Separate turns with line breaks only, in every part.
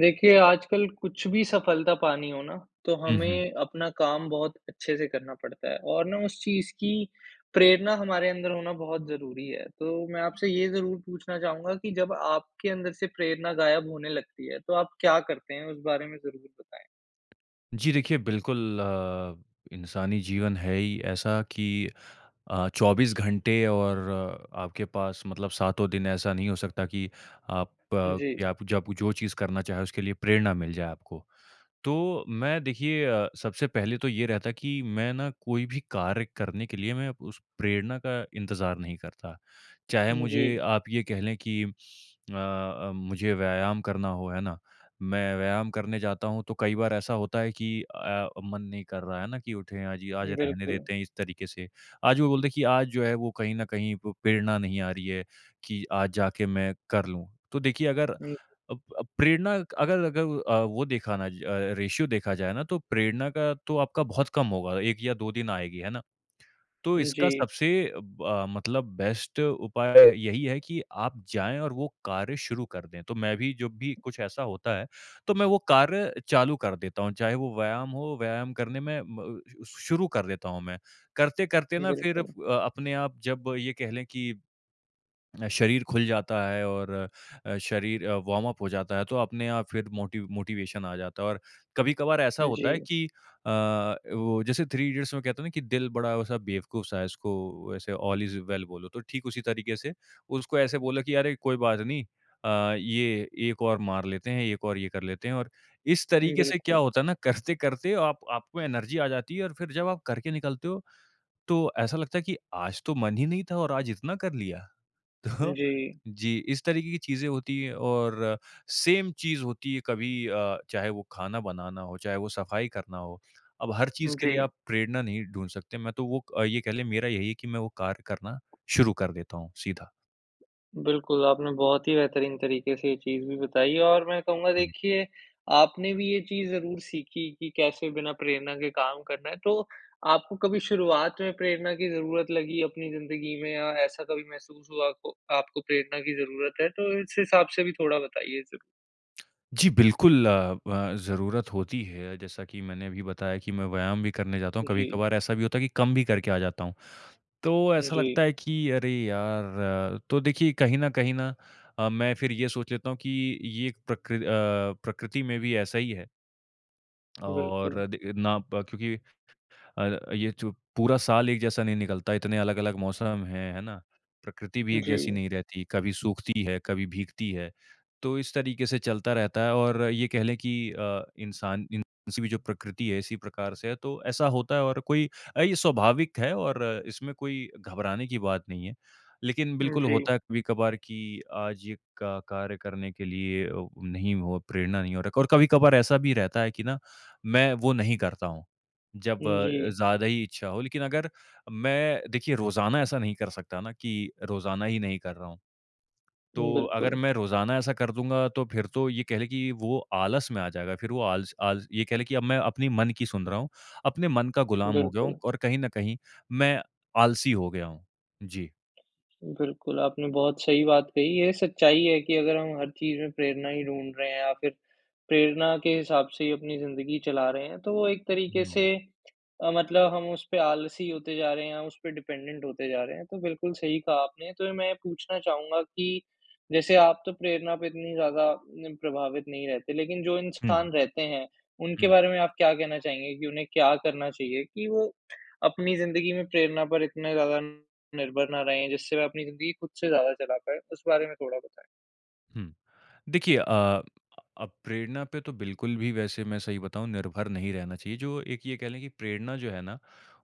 देखिए, आजकल कुछ भी सफलता पानी हो ना, तो
हुँ, हुँ।
हमें अपना काम बहुत अच्छे से करना पड़ता है और ना उस चीज़ की, प्रेरणा हमारे अंदर होना बहुत ज़रूरी है। तो मैं आपसे ये ज़रूर पूछना चाहूँगा कि जब आपके अंदर से प्रेरणा गायब होने लगती है, तो आप क्या करते हैं उस बारे में ज़रूर बताएँ?
जी देखिए, बिल्कुल अ, इंसानी जीवन है ही ऐसा कि अ, 24 घंटे और आपके पास मतलब सातों दिन ऐसा नहीं हो सकता कि आप अ,
जी।
यब जब जो चीज़ करना चाहें उसके लिए प्रेरणा मिल जाए आपको। तो मैं देखिए अ, सबसे पहले तो ये रहता है कि, मैं ना कोई भी कार्य करने के लिए मैं उस प्रेरणा का इंतज़ार नहीं करता। चाहे
उम, जी।
मुझे आप ये कह लें कि अ अ, मुझे व्यायाम करना हो, है ना? मैं व्यायाम करने जाता हूँ तो कई बार ऐसा होता है कि अ, मन नहीं कर रहा है ना, कि उठे आज या आज रहने
बिल्कुल।
देते हैं इस तरीके से। आज वो बोलते हैं कि आज जो है वो कहीं न कहीं प प्रेरणा नहीं आ रही है कि आज जाके मैं कर लूँ। तो देखिए अगर
उम
अब अब प्रेरणा अगर अगर अ, वो देखा न अ, रेश्यो देखा जाए ना तो प्रेरणा का तो आपका बहुत कम होगा, 1 या 2 दिन आएगी, है ना? तो
उम,
इसका
जी।
सबसे ब अ, मतलब बेस्ट उपाय यही है कि आप जाएँ और वो कार्य शुरू कर दें। तो मैं भी जब भी कुछ ऐसा होता है, तो मैं वो कार्य चालू कर देता हूँ। चाहे वो व्यायाम हो, व्यायाम करने में म शु शुरू कर देता हूँ मैं। करते-करते ना फ़िर अ,
बिल्कुल।
अपने आप जब ये कह लें कि शरीर खुल जाता है और अ, शरीर अ, वार्म अप हो जाता है। तो अपने आप फ़िर मोटी मोटिवेशन आ जाता है और कभी-कभार ऐसा होता है
जी।
कि अ, वो जैसे थ्री इडियट्स में कहता है ना कि दिल बड़ा वैसा बेवकूफ सा है उसको ऐसे ऑल इज़ वेल बोलो तो ठीक उसी तरीके से उसको ऐसे बोलो कि, "अरे! कोई बात नहीं। अ, ये एक और मार लेते हैं, एक और ये कर लेते हैं" और इस तरीके से क्या
बिल्कुल।
होता है ना करते-करते आप आपको एनर्जी आ जाती है और फ़िर जब आप करके निकलते हो, तो ऐसा लगता है कि आज तो मन ही नहीं था और आज इतना कर लिया। तो
जी।
जी, इस तरीके की चीज़ें होती हैं और सेम चीज़ होती है कभी अ, चाहे वो खाना बनाना हो, चाहे वो सफाई करना हो। अब हर चीज़ के लिए
जी।
आप प्रेरणा नहीं ढूँढ सकते। मैं तो वो अ, ये कह लें मेरा यही है कि मैं वो कार्य करना शुरू कर देता हूँ सीधा।
बिल्कुल, आपने बहुत ही बेहतरीन तरीक़े से ये चीज़ भी बताई है और मैं कहूँगा,
हुँ।
देखिए आपने भी ये चीज़ ज़रूर सीखी, कि कैसे बिना प्रेरणा के काम करना है। तो आपको कभी शुरुआत में प्रेरणा की ज़रूरत लगी अपनी ज़िंदगी में या ऐसा कभी महसूस हुआ, आपको आपको प्रेरणा की ज़रूरत है, तो इस हिसाब से भी थोड़ा बताइए ज़रूर।
जी बिल्कुल, अ, ब ज़रूरत होती है। जैसा कि मैंने अभी बताया कि मैं व्यायाम भी करने जाता हूँ।
जी।
कभी-कभार ऐसा भी होता है कि कम भी करके आ जाता हूँ। तो ऐसा
जी।
लगता है कि अरे यार अ, तो देखिए कहीं न कहीं ना अ, मैं फिर ये सोच लेता हूँ कि ये एक प्रकृ अ, प्रकृति में भी ऐसा ही है।
बिल्कुल।
और दे ना ब क्योंकि अ, ये जो पूरा साल एक जैसा नहीं निकलता। इतने अलग-अलग मौसम हैं, है ना? प्रकृति भी एक जैसी
जी।
नहीं रहती। कभी सूखती है, कभी भीगती है। तो इस तरीक़े से चलता रहता है और ये कह ले कि अ, इंसान [unintelligible] जो प्रकृति है इसी प्रकार से है, तो ऐसा होता है और कोई अ, ये स्वाभाविक है और इसमें कोई घबराने की बात नहीं है। लेकिन
उम,
बिल्कुल
जी।
होता है कभी-कभार कि आज ये क कार्य करने के लिए अ, नहीं हो, प्रेरणा नहीं हो रखा है। और कभी-कभार ऐसा भी रहता है कि ना मैं वो नहीं करता हूँ, जब
उम,
अ,
जी।
ज़्यादा ही इच्छा हो। लेकिन अगर मैं देखिए रोज़ाना ऐसा नहीं कर सकता ना कि रोज़ाना ही नहीं कर रहा हूँ। तो अगर
बिल्कुल।
मैं रोज़ाना ऐसा कर दूँगा, तो फ़िर तो ये कह ले कि वो आलस में आ जाएगा। फ़िर वो आलस आलस ये कह ले कि अब मैं अपनी मन की सुन रहा हूँ। अपने मन का गुलाम हो गया हूँ
बिल्कुल।
और कहीं न कहीं मैं आलसी हो गया हूँ। जी।
बिल्कुल, आपने बहुत सही बात कही ये सच्चाई है कि अगर हम हर चीज़ में प्रेरणा ही ढूँढ़ रहे हैं या फिर प्रेरणा के हिसाब से ही अपनी ज़िंदगी चला रहे हैं तो वो एक तरीके से
हुँ।
अ, मतलब हम उसपे आलसी होते जा रहे हैं, हम उसपे डिपेंडेंट होते जा रहे हैं तो बिल्कुल सही कहा आपने। तो मैं ये पूछना चाहूँगा कि जैसे आप तो प्रेरणा पे इतनी ज़्यादा न प्रभावित नहीं रहते लेकिन जो
हुँ, हुँ।
इंसान रहते हैं, उनके
हुँ।
बारे में आप क्या कहना चाहेंगे कि उन्हें क्या करना चाहिए कि वो, अपनी ज़िंदगी में प्रेरणा पर इतने ज़्यादा निर्भर ना रहें जिससे वह अपनी ज़िंदगी खुद से ज़्यादा चला पाए? उस बारे में थोड़ा बताएँ।
हुँ। देखिए अ अ, प्रेरणा पे तो बिल्कुल भी वैसे मैं सही बताऊँ निर्भर नहीं रहना चाहिए। जो एक ये कह लें कि प्रेरणा जो है ना,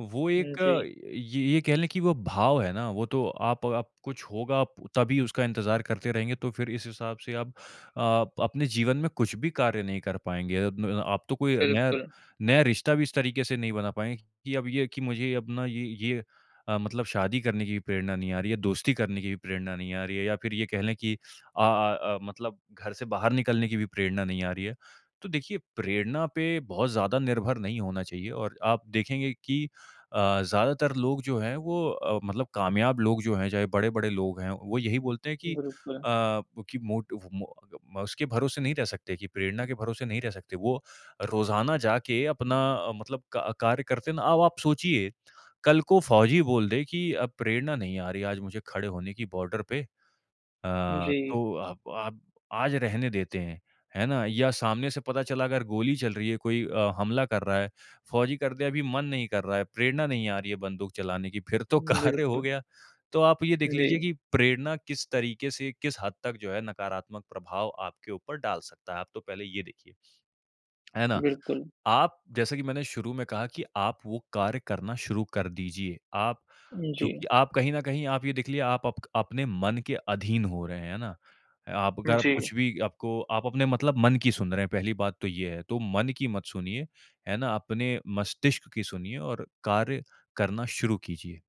वो
उम,
एक
जी।
ये ये कह लें कि वो भाव है ना, वो तो आप आप कुछ होगा तभी उसका इंतज़ार करते रहेंगे तो फिर इस हिसाब से आप अ, अपने जीवन में कुछ भी कार्य नहीं कर पाएँगे। अ, आप तो कोई नया,
बिल्कुल।
नया रिश्ता भी इस तरीके से नहीं बना पाएँगे कि अब ये है कि मुझे अब ना ये ये अ, मतलब शादी करने की प्रेरणा नहीं आ रही है, दोस्ती करने की भी प्रेरणा नहीं आ रही है या फिर ये कह लें कि अ अ अ, मतलब घर से बाहर निकलने की भी प्रेरणा नहीं आ रही है। तो देखिए प्रेरणा पे बहुत ज़्यादा निर्भर नहीं होना चाहिए और आप देखेंगे कि अ, ज़्यादातर लोग जो हैं वो अ, मतलब कामयाब लोग जो हैं, चाहे बड़े-बड़े लोग हैं वो यही बोलते हैं कि अ,
बिल्कुल।
कि मोटिव मो अ, उसके भरोसे नहीं रह सकते कि प्रेरणा के भरोसे नहीं रह सकते। वो रोज़ाना जाके अपना अ, मतलब क कार्य करते ना अब आप सोचिए कल को फौजी बोल दे कि अ, प्रेरणा नहीं आ रही है आज मुझे खड़े होने की बॉर्डर पे अ,
जी।
तो आप आप आज रहने देते हैं, है ना? या सामने से पता चला अगर गोली चल रही है, कोई अ, हमला कर रहा है, फौजी कर दिया अभी मन नहीं कर रहा है, प्रेरणा नहीं आ रही है बंदूक चलाने की फिर तो कार्य हो
बिल्कुल।
गया। तो आप ये देख लीजिए
जी।
कि प्रेरणा किस तरीके से, किस हद तक जो है नकारात्मक प्रभाव आपके ऊपर डाल सकता है, आप तो पहले ये देखिए। है ना?
बिल्कुल।
आप जैसा कि मैंने शुरू में कहा कि आप वो कार्य करना शुरू कर दीजिए। आप क्योंकि
जी।
आप कहीं न कहीं आप ये देख लीजिए आप आपक अपने मन के अधीन हो रहे हैं, है ना? आप अगर
जी।
कुछ भी आपको आप अपने मतलब मन की सुन रहे हैं, पहली बात तो ये है, तो मन की मत सुनिए। है ना? अपने मस्तिष्क की सुनिए और कार्य करना शुरू कीजिए।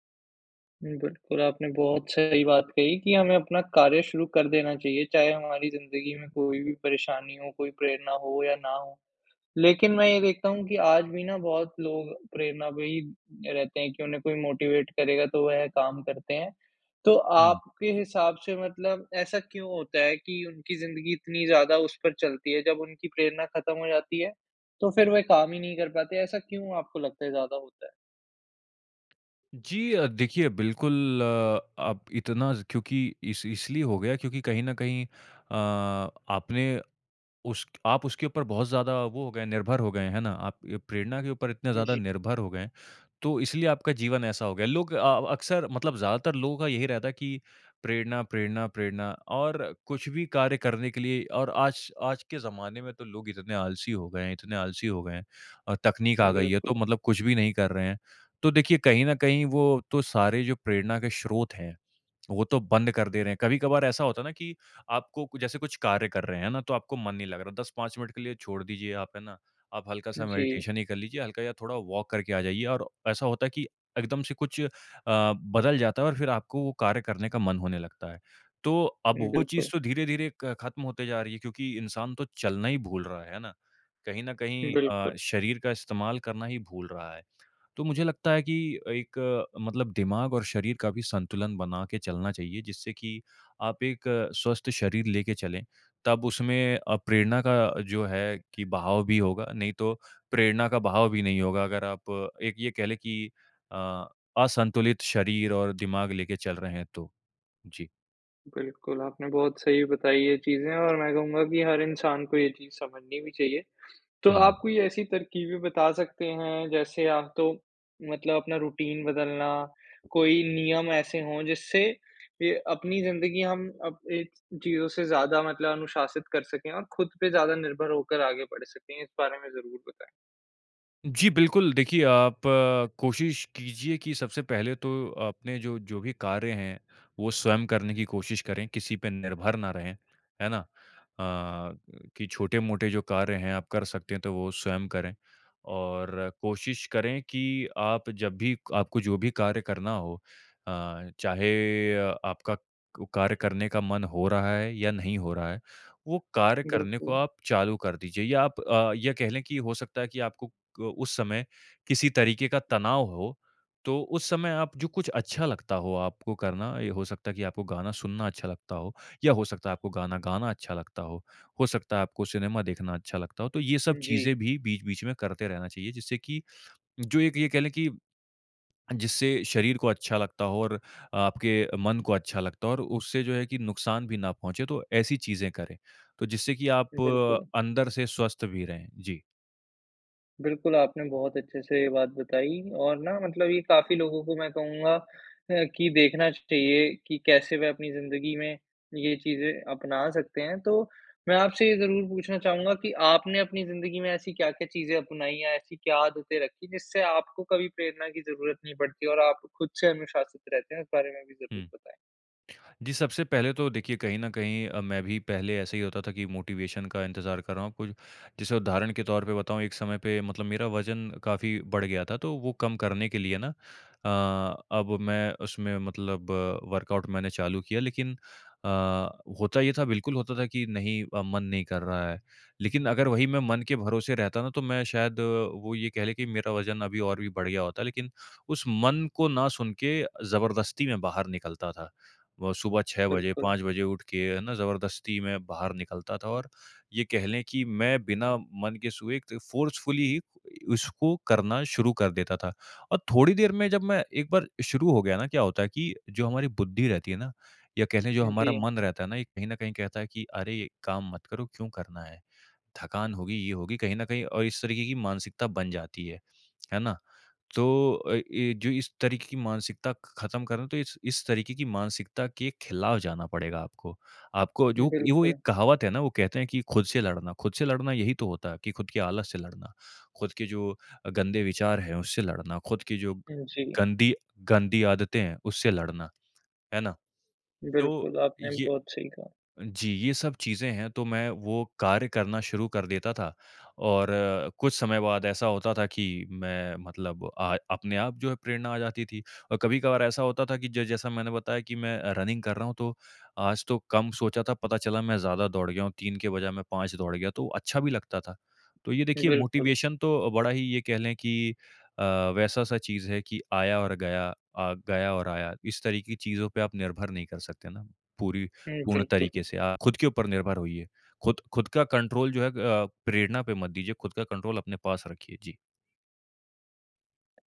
उम, बिल्कुल, आपने बहुत सही बात कही कि हमें अपना कार्य शुरू कर देना चाहिए। चाहे हमारी ज़िन्दगी में कोई भी परेशानी हो, कोई प्रेरणा हो या ना हो, लेकिन मैं ये देखता हूँ कि आज भी ना बहुत लोग प्रेरणा पे ही रहते है कि उन्हें कोई मोटिवेट करेगा तो वह काम करते हैं। तो
हुँ।
आपके हिसाब से मतलब ऐसा क्यों होता है कि उनकी ज़िंदगी इतनी ज़्यादा उस पर चलती है, जब उनकी प्रेरणा खत्म हो जाती है, तो फिर वो काम ही नहीं कर पाते ऐसा क्यों आपको लगता है ज़्यादा होता है?
जी अ, देखिए बिल्कुल, आप इतना क्योंकि इस इसलिए हो गया क्योंकि कहीं न कहीं अ, आपने उस आप उसके ऊपर बहुत ज़्यादा वो हो गए हैं निर्भर हो गए हैं, है ना? आप ये प्रेरणा के ऊपर इतने ज़्यादा
जी।
निर्भर हो गए हैं, तो इसलिए आपका जीवन ऐसा हो गया है। लोग अ, अक़्सर मतलब ज़्यादातर लोगों का यही रहता है कि प्रेरणा-प्रेरणा-प्रेरणा और कुछ भी कार्य करने के लिए और आज, आज के ज़माने में तो लोग इतने आलसी हो गए हैं इतने आलसी हो गए हैं अ, तक़नीक आ गई है तो
बिल्कुल।
मतलब कुछ भी नहीं कर रहे हैं, तो देखिए कहीं न कहीं, वो तो सारे जो प्रेरणा के स्रोत हैं, वो तो बंद कर दे रहे हैं। कभी-कभार ऐसा होता है ना कि आपको कुछ जैसे कुछ कार्य कर रहे हैं ना, तो आपको मन नहीं लग रहा। 10-5 मिनट के लिए छोड़ दीजिए आप, है ना? आप हल्का-सा
जी।
मेडिटेशन ही कर लीजिए, हल्का या थोड़ा वॉक करके आ जाइए और ऐसा होता है कि एकदम से कुछ अ, बदल जाता है और फिर आपको वो कार्य करने का मन होने लगता है। तो अब वो चीज़
बिल्कुल।
तो धीरे-धीरे क खत्म होते जा रही है क्योंकि इंसान तो चलना ही भूल रहा है, है ना? कहीं न कहीं अ,
बिल्कुल।
शरीर का इस्तेमाल करना ही भूल रहा है, तो मुझे लगता है कि एक मतलब दिमाग़ और शरीर का भी संतुलन बना के चलना चाहिए, जिससे कि आप एक स्वस्थ शरीर लेके चलें, तब उसमें अ, प्रेरणा का जो है कि बहाव भी होगा, नहीं तो प्रेरणा का बहाव भी नहीं होगा। अगर आप एक ये कह ले कि अ, असंतुलित शरीर और दिमाग़ लेके चल रहे हैं, तो। जी।
बिल्कुल, आपने बहुत सही बताई ये चीज़े और मैं कहूँगा कि हर इंसान को ये चीज़ समझनी भी चाहिए। तो आप
हुँ।
कोई ऐसी तरकीबें बता सकते हैं, जैसे आप तो मतलब अपना रुटीन बदलना, कोई नियम ऐसे हों, जिससे अ, अपनी ज़िंदगी हम अप ऐ चीज़ों से ज़्यादा मतलब अनुशासित कर सकें और खुद पे ज़्यादा निर्भर होकर आगे बढ़ सकें? इस बारे में ज़रूर बताएँ।
जी बिल्कुल, देखिए आप कोशिश कीजिए कि सबसे पहले तो अपने जो जो भी कार्य हैं, वो स्वयं करने की कोशिश करें, किसी पे निर्भर ना रहें। है ना? अ, कि छोटे-मोटे जो कार्य हैं आप कर सकते हैं, तो वो स्वयं करें। और कोशिश करें कि आप जब भी आपको जो भी कार्य करना हो अ, चाहे अ, आपका को कार्य करने का मन हो रहा है या नहीं हो रहा है, वो कार्य करने को
बिल्कुल।
आप चालू कर दीजिए या आप अ, ये कह लें कि हो सकता है कि आपको क उस समय किसी तरीक़े का तनाव हो, तो उस समय आप जो कुछ अच्छा लगता हो आपको करना, ये हो सकता है कि आपको गाना सुनना अच्छा लगता हो या हो सकता है आपको गाना गाना अच्छा लगता हो। हो सकता है आपको सिनेमा देखना अच्छा लगता हो। तो ये सब
उम, जी।
चीज़ें भी बीच-बीच में करते रहना चाहिए, जिससे की जो एक ये कह लें कि जिससे शरीर को अच्छा लगता हो और आपके मन को अच्छा लगता हो और उससे जो है कि नुक़सान भी ना पहुँचे, तो ऐसी चीज़ें करें। तो जिससे की आप
बिल्कुल।
अंदर से स्वस्थ भी रहें। जी।
बिल्कुल, आपने बहुत अच्छे से ये बात बताई और ना मतलब ये काफ़ी लोगों को मैं कहूँगा अ, कि देखना चाहिए कि कैसे वह अपनी ज़िन्दगी में ये चीज़ें अपना सकते हैं, तो मैं आपसे ये ज़रूर पूछना चाहूँगा कि, आपने अपनी ज़िन्दगी में ऐसी क्या-क्या चीज़ें अपनाई या ऐसी क्या आदतें रखीं, जिससे आपको कभी प्रेरणा की ज़रूरत नहीं पड़ती और आप खुद से अनुशासित रहते हैं? इस बारे में भी ज़रूर
हुँ।
बताएँ।
जी, सबसे पहले तो देखिए कहीं न कहीं अ, मैं भी पहले ऐसे ही होता था कि मोटिवेशन का इंतज़ार कर रहा हूँ, कुछ जैसे उदाहरण के तौर पे बताऊँ। एक समय पे मतलब मेरा वज़न काफ़ी बढ़ गया था तो वो कम करने के लिए ना अ, अब मैं उसमें मतलब वर्कआउट मैंने चालू किया लेकिन अ, होता ये था, बिल्कुल होता था कि नहीं अ, मन नहीं कर रहा है। लेकिन अगर वही मैं मन के भरोसे रहता ना तो मैं शायद वो ये कह ले कि मेरा वज़न अभी और भी बढ़ गया होता, लेकिन उस मन को ना सुन के ज़बरदस्ती में बाहर निकलता था। व सुबह 6 बजे,
बिल्कुल।
5 बजे उठ के है ना ज़बरदस्ती मैं बाहर निकलता था और ये कह लें कि मैं बिना मन के सुबह फ़ोर्सफुली उसको करना शुरू कर देता था। और थोड़ी देर में जब मैं एक बार शुरू हो गया ना, क्या होता है कि जो हमारी बुद्धि रहती है ना, या कह लें जो
उम,
हमारा
जी।
मन रहता है ना, ये कहीं न कहीं कहता है कि अरे, ये काम मत करो, क्यों करना है? थकान होगी, ये होगी कहीं न कहीं अ, इस तरीक़े की मानसिकता बन जाती है। है ना? तो अ, ये जो इस तरीक़े की मानसिकता खत्म कर रहे है, तो इस, इस तरीक़े की मानसिकता के ख़िलाफ़ जाना पड़ेगा आपको। आपको जो वो एक
बिल्कुल।
कहावत है ना, वो कहते हैं कि खुद से लड़ना खुद से लड़ना यही तो होता है कि खुद के आलस से लड़ना, खुद के जो अ, गंदे विचार हैं उससे लड़ना, खुद की जो
उम, जी।
गंदी, गंदी आदतें हैं उससे लड़ना, है ना? तो
बिल्कुल, आपने
ये
बहुत सही कहा।
जी ये सब चीज़ें हैं, तो मैं वो कार्य करना शुरू कर देता था और कुछ समय बाद ऐसा होता था कि मैं मतलब आ अपने आप जो है प्रेरणा आ जाती थी अ, कभी-कभार ऐसा होता था कि जो जैसा मैंने बताया कि मैं रनिंग कर रहा हूँ तो, आज तो कम सोचा था, पता चला मैं ज़्यादा दौड़ गया हूँ, 3 के बजाए मैं 5 दौड़ गया तो अच्छा भी लगता था। तो ये देखिए
बिल्कुल।
मोटिवेशन तो बड़ा ही ये कह लें कि अ, वैसा सा चीज़ है कि आया और गया अ, गया और आया। इस तरीक़े की चीज़ों पे आप निर्भर नहीं कर सकते ना, पूरी
हुँ,
पूर्ण तरीक़े
बिल्कुल।
से आप खुद के ऊपर निर्भर होइए। खुद खुद का कंट्रोल जो है अ, प्रेरणा पे मत दीजिए, खुद का कंट्रोल अपने पास रखिए। जी।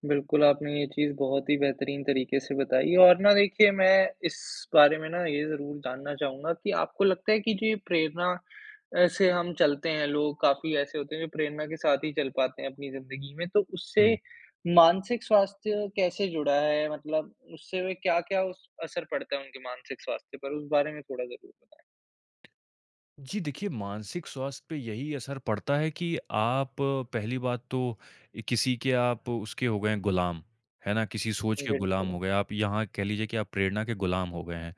बिल्कुल आपने ये चीज़ बहुत ही बेहतरीन तरीके से बताई और ना देखिए मैं इस बारे में ना ये ज़रूर जानना चाहूँगा कि आपको लगता है कि जो ये प्रेरणा अ, से हम चलते हैं लोग काफ़ी ऐसे होते हैं जो प्रेरणा के साथ ही चल पाते हैं अपनी ज़िंदगी में, तो उससे
हुँ।
मानसिक स्वास्थ्य कैसे जुड़ा है? मतलब उससे वे क्या-क्या उस असर पड़ता है उनके मानसिक स्वास्थ्य पर? उस बारे में थोड़ा ज़रूर बताएँ।
जी, देखिए मानसिक स्वास्थ्य पे यही असर पड़ता है कि आप पहली बात तो किसी के आप उसके हो गए हैं गुलाम। है ना? किसी सोच के गुलाम हो
बिल्कुल।
गए, आप यहाँ कह लीजिए कि आप प्रेरणा के गुलाम हो गए हैं,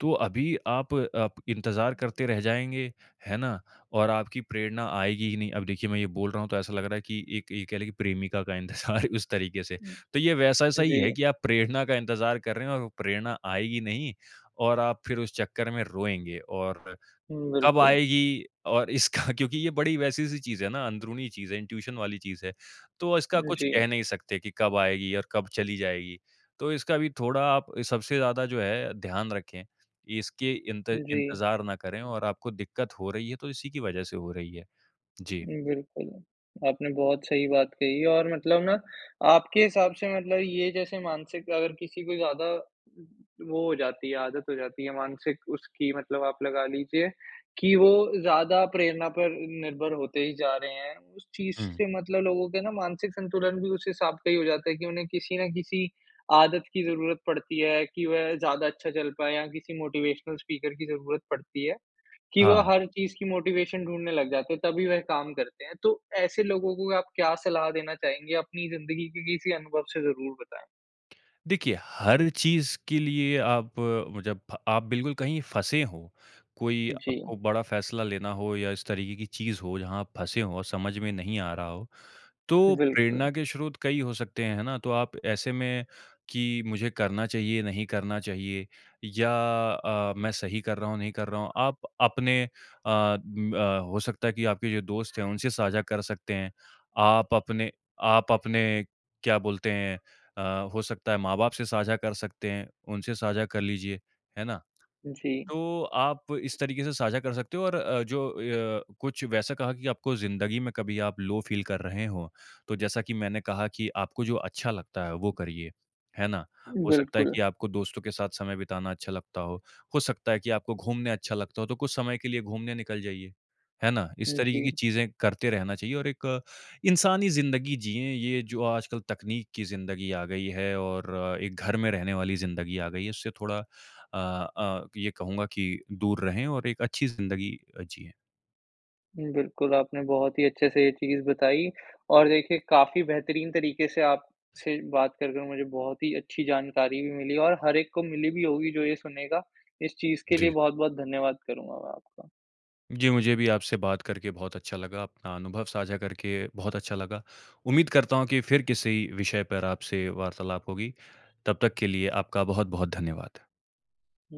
तो अभी आप, आप इंतजार करते रह जाएँगे, है ना? और आपकी प्रेरणा आएगी ही नहीं। अब देखिए मैं ये बोल रहा हूँ तो ऐसा लग रहा है कि एक ये कह लें कि प्रेमिका का इंतजार उस तरीके से। तो ये वैसा-सा ही
जी।
है कि आप प्रेरणा का इंतजार कर रहे हैं और प्रेरणा आएगी नहीं और आप फिर उस चक्कर में रोएँगे और,
हुँ,
कब
बिल्कुल।
आएगी और इसका क्योंकि ये बड़ी वैसी सी चीज़ है ना अंदरूनी चीज़ है, इंट्यूशन वाली चीज़ है, तो इसका
उम,
कुछ कह
जी।
नहीं सकते कि कब आएगी और कब चली जाएगी। तो इसका भी थोड़ा आप सबसे ज़्यादा जो है ध्यान रखें। इसके इंत
जी।
इंतजार ना करें और आपको दिक्कत हो रही है तो इसी की वजह से हो रही है। जी।
उम, बिल्कुल। आपने बहुत सही बात कही और मतलब ना आपके हिसाब से मतलब ये जैसे मानसिक अगर किसी को ज़्यादा वो हो जाती है आदत हो जाती है मानसिक उसकी मतलब आप लगा लीजिए कि वो ज़्यादा प्रेरणा पर निर्भर होते ही जा रहे हैं। उस चीज़
हुँ।
से मतलब लोगों के ना मानसिक संतुलन भी उस हिसाब का ही हो जाता है कि उन्हें किसी न किसी आदत की ज़रूरत पड़ती है कि वह ज़्यादा अच्छा चल पाएँ या किसी मोटिवेशनल स्पीकर की ज़रूरत पड़ती है, कि वह
हाँ।
हर चीज़ की मोटिवेशन ढूँढ़ने लग जाते है, तभी वह काम करते हैं। तो ऐसे लोगों को आप क्या सलाह देना चाहेंगे? अपनी ज़िंदगी के किसी अनुभव से ज़रूर बताएँ।
देखिए, हर चीज़ के लिए आप वो जब आप बिल्कुल कहीं फँसे हो, कोई
जी।
आपको बड़ा फैसला लेना हो या इस तरीके की चीज़ हो जहाँ आप फँसे हो समझ में नहीं आ रहा हो, तो
बिल्कुल।
प्रेरणा के स्रोत कई हो सकते हैं है ना? तो आप ऐसे में कि मुझे करना चाहिए, नहीं करना चाहिए या अ, मैं सही कर रहा हूँ, नहीं कर रहा हूँ। आप अपने अ अ, हो सकता है कि आपके जो दोस्त हैं उनसे साझा कर सकते हैं। आप अपने आप अपने क्या बोलते हैं अ, हो सकता है माँ-बाप से साझा कर सकते हैं, उनसे साझा कर लीजिए। है ना?
जी।
तो आप इस तरीके से साझा कर सकते हो और अ, जो अ, कुछ वैसा कहा कि आपको ज़िंदगी में कभी आप लो फील कर रहे हों तो जैसा कि मैंने कहा कि आपको जो अच्छा लगता है वो करिए। है ना? हो सकता है
बिल्कुल।
कि आपको दोस्तों के साथ समय बिताना अच्छा लगता हो, हो सकता है कि आपको घूमने अच्छा लगता हो तो कुछ समय के लिए घूमने निकल जाइए। है ना? इस तरीके की
जी।
चीज़ें करते रहना चाहिए और एक इंसानी ज़िंदगी जिएँ, ये जो आजकल तकनीक की ज़िंदगी आ गई है और एक घर में रहने वाली ज़िंदगी आ गई है, उससे थोड़ा अ अ, ये कहूँगा कि दूर रहे और एक अच्छी ज़िंदगी अ, जिएँ।
बिल्कुल, आपने बहुत ही अच्छे से ये चीज़ बताई और देखिए काफ़ी बेहतरीन तरीके से आपसे बात करके मुझे बहुत ही अच्छी जानकारी भी मिली और हर एक को मिली भी होगी जो ये सुनेगा। इस चीज़ के
जी।
लिए बहुत-बहुत धन्यवाद करूँगा मैं आपका।
जी, मुझे भी आपसे बात करके बहुत अच्छा लगा, अपना अनुभव साझा करके बहुत अच्छा लगा। उम्मीद करता हूँ कि फिर किसी विषय पर आपसे वार्तालाप होगी, तब तक के लिए आपका बहुत-बहुत धन्यवाद।
हुँ।